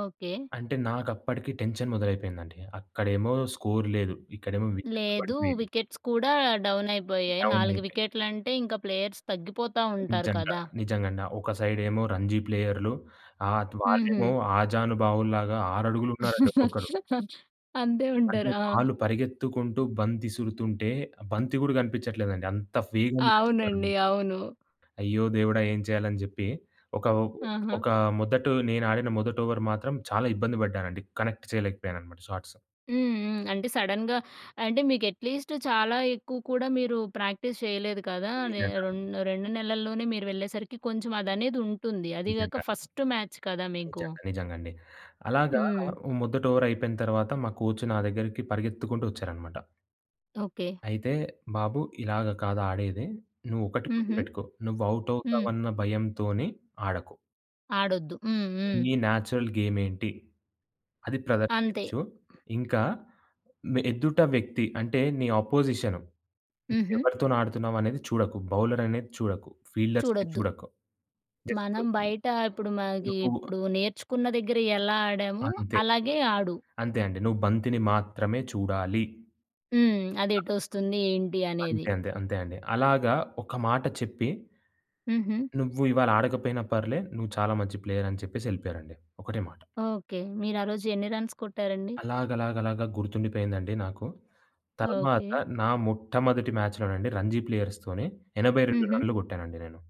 Okay. అంటే నాకప్పటికి tension మొదలైపోయిందండి. అక్కడేమో score లేదు. ఇక్కడేమో వికెట్‌లు లేదు పడిపోయిని. వికెట్స్ కూడా డౌన్ అయిపోయాయి. డౌన్ 4 అయిపోయే వికెట్లంటే ఇంకా ప్లేయర్స్ తగ్గిపోతావుంటారు నిజంగా. కదా! నిజంగండి. ఒక సైడేమో రంజీ ప్లేయర్లు అత్ వాళ్ళేమో హుహు. ఆజానుబావులాగా 6 అడుగులు ఉన్నారండి ఒక్కొక్కరు. అంతే అంటే ఉంటారు. ఆ! వాళ్ళు పరిగెత్తుకుంటూ బంతి ఇసురుతుంటే, ఆ బంతి కూడా కనిపించట్లేదండి అంత వేగంగా ఎస్తన్నారండి. అవునండి. అవును. ఆ! అయ్యో దేవుడా! ఏం చేయాలని చెప్పి. ఒక ఆహా! ఒక మొదటు నేను ఆడిన మొదటి ఓవర్ మాత్రం చాలా ఇబ్బంది పడ్డానండి. కనెక్ట్ చేయలేకపోయాను అన్నమాట షాట్సు. హ్మ్. హ్మ్. అంటే సడన్‌గా అంటే మీకు అట్‌లిస్టు చాలా ఎక్కువ కూడా మీరు ప్రాక్టీస్ చేయలేదు కదా! నె నిజంగా. రెం 2 నెలల్లోనే మీరు వెళ్ళేసరికి కొంచెం అదనేదుంటుంది. అది నిజంగా. కాక ఫస్ట్ మ్యాచ్ కదా! మీకు. నిజంగా. నిజంగండి. అలాగా హ్మ్. మొదటి ఓవర్ అయిపోయిన తరువాత మా కోచ్ నా దగ్గరికి పరిగెత్తుకుంటూ వచ్చారన్నమాట. ఓకే. అయితే, "బాబు ఇలాగ కాదు ఆడేది. నువ్వు ఒకటి హుహు. గుర్తుపెట్టుకో నువ్వు అవుట్ హ్మ్. అవుతావన్న భయంతోని ఆడకు." ఆడొద్దు. హ్మ్. హ్మ్. "నీ నేచురల్ గేమ్ ఏంటి, అది అంతే ప్రదర్శించు. ఇంకా మే ఎదుట వ్యక్తి" అంటే నీ అపోజిషను. హ్మ్. హుహు. "ఎవరితోనాడుతున్నావు అనేది చూడకు. బౌలర్ అనేది చూడకు. ఫీల్డర్స్‌ని చూడొద్దు. చూడకు జస్టు మనం బయట ఇప్పుడు మనకి నువ్వు" ఇప్పుడు నేర్చుకున్న దగ్గర ఎలా ఆడామో అంతే. అలాగే ఆడు. అంతే అండి. నువ్వు బంతిని మాత్రమే చూడాలి. హ్మ్. అదెటోస్తుంది ఏంటి [unintelligible] అనేది. అంతే, అంతే, అంతే అండి. అలాగా ఒక మాట చెప్పి హుహు. "నువ్వు ఇవాళ ఆడకపోయినా పర్లే. నువ్వు చాలా మంచి ప్లేయరని" చెప్పేసి వెళ్ళిపోయారండి. ఒకటే మాట. ఓకే. మీరు ఆ రోజు ఎన్ని రన్స్ కొట్టారండి? అలాగలాగలాగా గుర్తుండిపోయిందండి నాకు. తరువాత ఓకే. నా మొట్టమొదటి మ్యాచ్‌లోనండి రంజీ ప్లేయర్స్‌తోని 82 హుహు. రన్‌లు కొట్టానండి నేను.